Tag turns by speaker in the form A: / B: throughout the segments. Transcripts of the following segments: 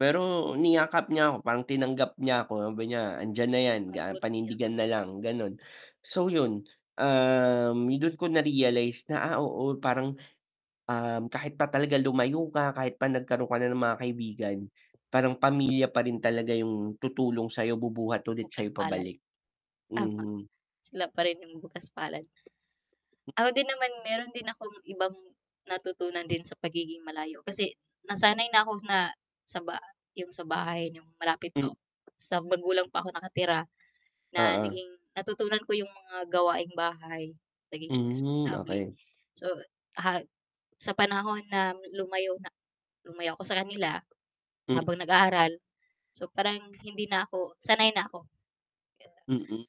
A: Pero niyakap niya ako parang tinanggap niya ako, sabi niya "andiyan na yan
B: Pagod ka na.
A: panindigan na lang" Ganon. So 'yon, um, do'n ko na realize na ah, oo parang um, kahit pa talaga lumayo ka, kahit pa nagkaroon ka na ng mga kaibigan, parang pamilya pa rin talaga 'yong tutulong sayo, bubuhat ulit sa
B: Bukas palad.
A: pabalik.
B: Tama.
A: Mhm.
B: Sila pa rin yung bukas palad. Ako din naman meron din akong ibang natutunan din sa pagiging malayo kasi, nasanay na ako na, sa ba 'yong sa bahay 'yong malapit pa ako
A: Hmm.
B: sa magulang pa ako nakatira. Na
A: Oo.
B: naging natutunan ko 'yong mga gawaing bahay, naging
A: Hmm,
B: responsable.
A: okey.
B: So ha sa panahon na lumayo na lumayo ako sa kanila,
A: Hmm.
B: habang nag-aaral. So parang hindi na ako sanay na ako. Di
A: Hmm.
B: ba.
A: [unintelligible]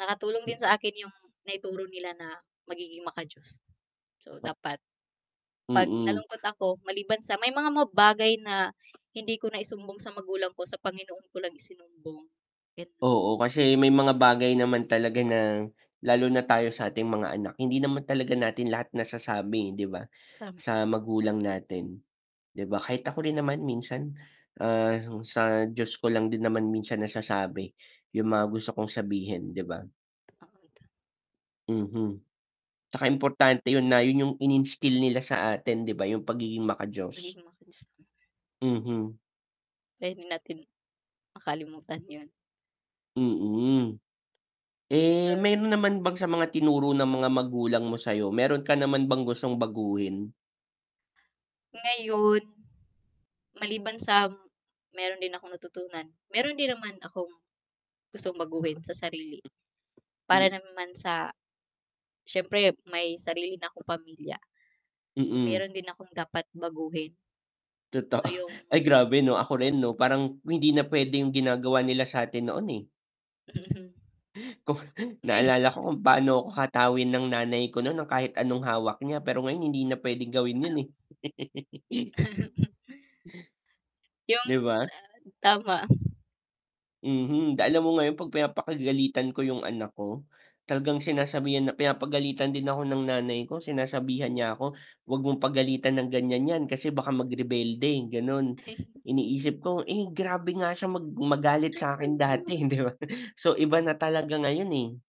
B: Nakatulong din sa akin yung naituro nila na magiging maka Diyos. So
A: Oh
B: dapat, pag
A: Hmm.
B: nalungkot ako, maliban sa may mga bagay na, hindi ko naisumbong sa magulang ko sa Panginoon ko lang isumbong. And
A: Oo kasi may mga bagay naman talaga na, lalo na tayo sa ating mga anak, hindi naman talaga natin lahat nasasabi eh, di ba
B: Tama.
A: sa magulang natin. Di ba kahit ako rin naman minsan, ah, sa Diyos ko lang din naman minsan nasasabi, yung mga gusto kong sabihin, di ba?
B: Oo. [unintelligible]
A: Mhm. 'Tsaka importante yun na, yun yung ininstill nila sa atin di ba yung pagiging maka Diyos.
B: Nagiging [unintelligible]
A: Mm.
B: Pwede natin, makalimutan yun.
A: Mm. Eh,
B: So
A: meron naman bang sa mga tinuro ng mga magulang mo sayo, meron ka naman bang gustong baguhin?
B: Ngayon, maliban sa, meron din akong natutunan, meron din naman akong gustong baguhin sa sarili. Para
A: Hmm.
B: naman sa, siyempre may sarili na akong pamilya.
A: Mm.
B: Meron din akong dapat baguhin.
A: Totoo
B: So yung
A: ay grabe 'no ako rin
B: [unintelligible]
A: 'no parang hindi na pwedeng ginagawa nila sa atin noon eh.
B: Mhm.
A: Kung
B: May
A: naalala ko kung paano ako hatawin ng nanay ko nun ng kahit anong hawak niya pero ngayon hindi na pwedeng gawin yun eh.
B: Yung
A: Di ba?
B: ah, tama.
A: Mhm, alam mo ngayon 'pag pinapakagalitan ko yung anak ko, talagang sinasabihan na pinapagalitan din ako ng nanay ko, sinasabihan niya ako, huwag mong pagalitan ng ganyan 'yan, kasi baka mag-rebelde, ganon. Iniisip ko eh, grabe nga siya mag magalit sa akin dati hindi ba so iba na talaga ngayon eh.